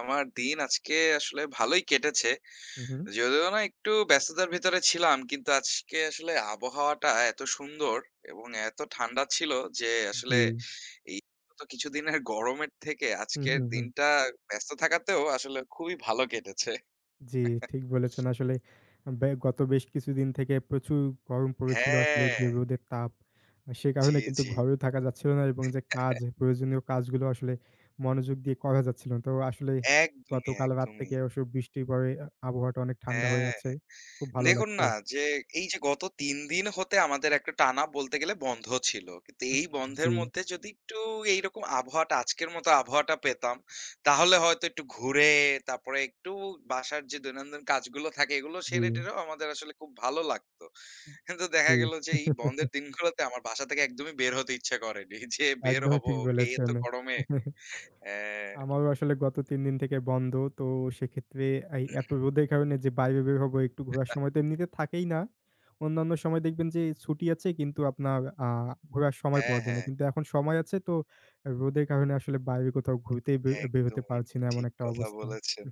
আমার দিন আজকে আসলে ভালোই কেটেছে। হুম, হুম। যদিও না একটু ব্যস্ততার ভিতরে ছিলাম কিন্তু, আজকে আসলে আবহাওয়াটা এত সুন্দর এবং এতো ঠান্ডা ছিল যে আসলে, জি। এই গত কিছুদিনের গরমের থেকে হুম, আজকের হুম, হুম। দিনটা ব্যস্ত থাকাতেও আসলে, খুবই ভালো কেটেছে। জি, ঠিক বলেছেন আসলে। ব্যা গত বেশ কিছুদিন থেকে প্রচুর গরম পড়েছিল। আসলে হ্যাঁ। যে রোদের তাপ, সে জি, কারণে কিন্তু জি। ঘরেও থাকা যাচ্ছিল না এবং যে কাজ, প্রয়োজনীয় কাজগুলো আসলে মনোযোগ দিয়ে করা যাচ্ছিলো না। তো আসলেই একদমই, গতকাল রাত একদমই। থেকে অস বৃষ্টি পড়ে, আ আবহাওয়াটা অনেক ঠান্ডা হয়ে হ্যাঁ। আছে। খুব ভালো দেখুন লাগছে। না যে, এইযে গত ৩ দিন হতে আমাদের একটা টানা বলতে গেলে বন্ধ ছিল। কিন্তু হু, এই হু বন্ধের জি। মধ্যে যদি একটু এইরকম আবহাওয়াটা, আজকের মতো আবহাওয়াটা পেতাম, তাহলে হয়তো একটু ঘুরে, তারপরে একটু বাসার যে দৈনন্দিন কাজগুলো থাকে, এগুলো সেরে জি। টেরেও আমাদের আসলে খুব ভালো লাগতো। কিন্তু দেখা জি। গেল যে, এই বন্ধের দিনগুলোতে আমার বাসা থেকে একদমই বের হতে ইচ্ছা করেনি, যে বের একদমই হব ঠিক এই এতো বলেছেন। গরমে। হ্যাঁ। আমারও আসলে গত ৩ দিন থেকে বন্ধ। তো সেক্ষেত্রে এই এতো রোদের কারণে যে, বাইরে বের হবো, একটু ঘোরার সময় তো এমনিতে থাকেই না। অন্যান্য সময় দেখবেন যে ছুটি আছে কিন্তু, আপনার আ ঘোরার সময় হ্যাঁ, পাওয়া যায় না। হ্যাঁ। কিন্তু এখন সময় আছে তো, রোদের কারণে আসলে বাইরে কোথাও ঘুরতেই বের বের হতে একদমই পারছি না। এমন ঠিক একটা কথা অবস্থা। বলেছেন।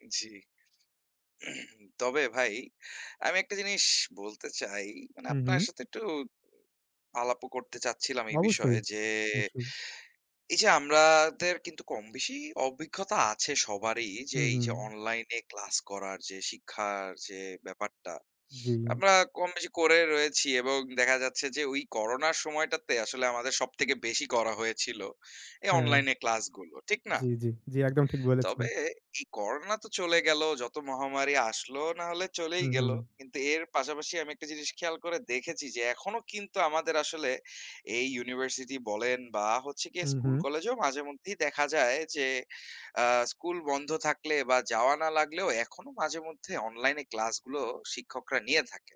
জি। তবে ভাই, আমি একটা জিনিস বলতে চাই। মানে হুম, আপনার হুম। সাথে একটু আলাপও করতে চাচ্ছিলাম এই অবশ্যই, বিষয়ে যে, অবশ্যই। এই যে আমাদের কিন্তু কমবেশি অভিজ্ঞতা আছে সবারই যে, হুম, এই হুম। যে অনলাইনে ক্লাস করার যে শিক্ষার যে ব্যাপারটা, জি। আমরা কম বেশি করে রয়েছি এবং দেখা যাচ্ছে যে, ঐ করোনার সময়টাতে আসলে আমাদের সব থেকে বেশি করা হয়েছিল, এই হ্যাঁ। অনলাইনে ক্লাসগুলো। ঠিক না? জি, জি, জি, একদম ঠিক বলেছেন। তবে, এই করোনা তো চলে গেলো, যত মহামারী আসলো না হলে চলেই হুম, গেলো। হুম। কিন্তু এর পাশাপাশি আমি একটা জিনিস খেয়াল করে দেখেছি যে, এখনও কিন্তু আমাদের আসলে এই ইউনিভার্সিটি বলেন বা হচ্ছে গিয়ে হুম, হুম। স্কুল-কলেজেও মাঝেমধ্যেই দেখা যায় যে, আ স্কুল বন্ধ থাকলে বা যাওয়া না লাগলেও, এখনও মাঝেমধ্যে অনলাইনে ক্লাসগুলো শিক্ষকরা নিয়ে থাকে।